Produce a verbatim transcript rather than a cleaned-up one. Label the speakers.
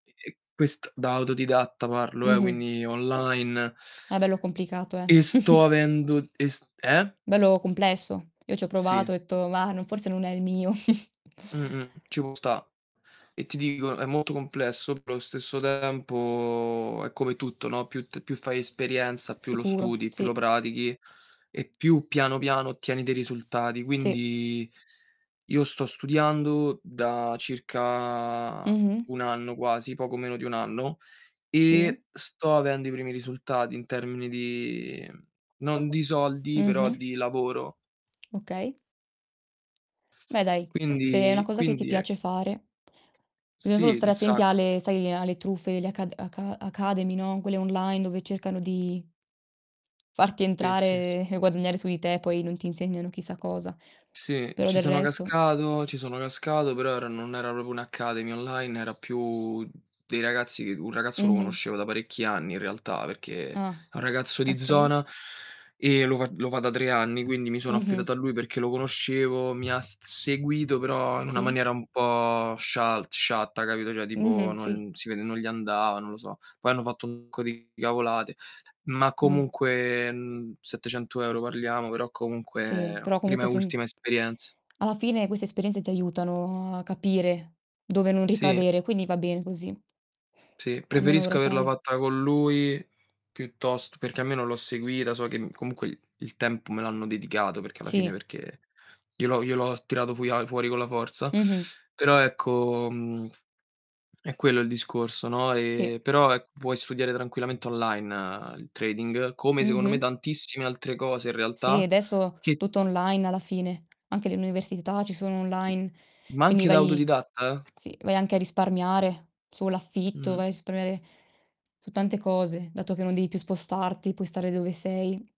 Speaker 1: E e quest da autodidatta parlo, eh,
Speaker 2: Mh-mh.
Speaker 1: quindi online
Speaker 2: Ah, bello complicato, eh.
Speaker 1: e sto avendo e st eh?
Speaker 2: Bello complesso. Io c'ho provato,
Speaker 1: Sì.
Speaker 2: ho detto: "Mah, forse non è il mio".
Speaker 1: Mh-mh, ci può sta. E ti dico, molto complesso, però allo stesso tempo è come tutto, no, più t più fai esperienza, più lo
Speaker 2: Sicuro,
Speaker 1: studi, più lo
Speaker 2: sì.
Speaker 1: pratichi e più piano, piano ottieni dei risultati.
Speaker 2: Sì.
Speaker 1: Quindi io sto studiando da circa
Speaker 2: Mh-mh.
Speaker 1: un anno, quasi, poco meno di un anno,
Speaker 2: Sì.
Speaker 1: e sto avendo i primi risultati in termini di non di soldi, però
Speaker 2: Mh-mh.
Speaker 1: di lavoro.
Speaker 2: Okay. Beh dai, se è una
Speaker 1: Quindi
Speaker 2: cosa che ti
Speaker 1: quindi è
Speaker 2: piace fare. Bisogna solo
Speaker 1: Sì,
Speaker 2: stare
Speaker 1: un
Speaker 2: attenti
Speaker 1: sacco.
Speaker 2: alle, sai alle truffe alle aca aca academy, no, quelle online, dove cercano di farti
Speaker 1: Sì, sì, sì.
Speaker 2: entrare e guadagnare su di te, poi non ti insegnano chissà cosa.
Speaker 1: Sì,
Speaker 2: Però
Speaker 1: ci
Speaker 2: del
Speaker 1: sono
Speaker 2: resto
Speaker 1: cascato ci sono cascato, però era non era propro un'academy online, era più dei ragazzi che un ragazzo lo
Speaker 2: Mh-mh.
Speaker 1: conoscevo da parecchi anni in realtà, perché è
Speaker 2: Ah,
Speaker 1: un ragazzo di
Speaker 2: okay.
Speaker 1: zona e lo fa lo fa da tre anni, quindi mi sono
Speaker 2: Mh-mh.
Speaker 1: affidato a lui perché lo conoscevo, mi ha s seguito però in una
Speaker 2: Sì.
Speaker 1: maniera un po' scial sciatta, capito, ceh tipo
Speaker 2: Mh-mh. Sì.
Speaker 1: non si vede, non gli andava, non lo so. Poi hanno fatto un sacco di cavolate, ma
Speaker 2: Mh.
Speaker 1: comunque, mhmm, settecento euro parliamo, però
Speaker 2: Sì,
Speaker 1: comunque
Speaker 2: però
Speaker 1: prima e
Speaker 2: comunque son
Speaker 1: ultima esperienza.
Speaker 2: alla fine queste esperienze ti aiutano a capire, dove non
Speaker 1: Sì.
Speaker 2: ricadere, quindi va bene così.
Speaker 1: Sì,
Speaker 2: almeno ora
Speaker 1: preferisco averla
Speaker 2: sai.
Speaker 1: fatta con lui piuttost perché almeno l'ho seguita, so che, mhmm, comunque, il tempo me l'hanno dedicato, perché alla fine
Speaker 2: Sì.
Speaker 1: perché glielo glielo tirato a fuori con la forza.
Speaker 2: Mh-mh.
Speaker 1: Però ecco, mhmm, è quello il discorso, no,
Speaker 2: Sì.
Speaker 1: ehm, però ecco, puoi studiare tranquillamente online il trading, come secondo me
Speaker 2: Mh-mh.
Speaker 1: tantissime altre cose in
Speaker 2: Sì,
Speaker 1: realtà
Speaker 2: adesso
Speaker 1: che
Speaker 2: tutto online alla fine, anche le università ci sono online.
Speaker 1: Ma
Speaker 2: Quindi
Speaker 1: anche da
Speaker 2: vai
Speaker 1: autodidatta?
Speaker 2: sì, vai anche a risparmiare, sull'affitto,
Speaker 1: Mh.
Speaker 2: vai a risparmiare su tante cose, dato che non devi più spostarti, puoi stare dove sei.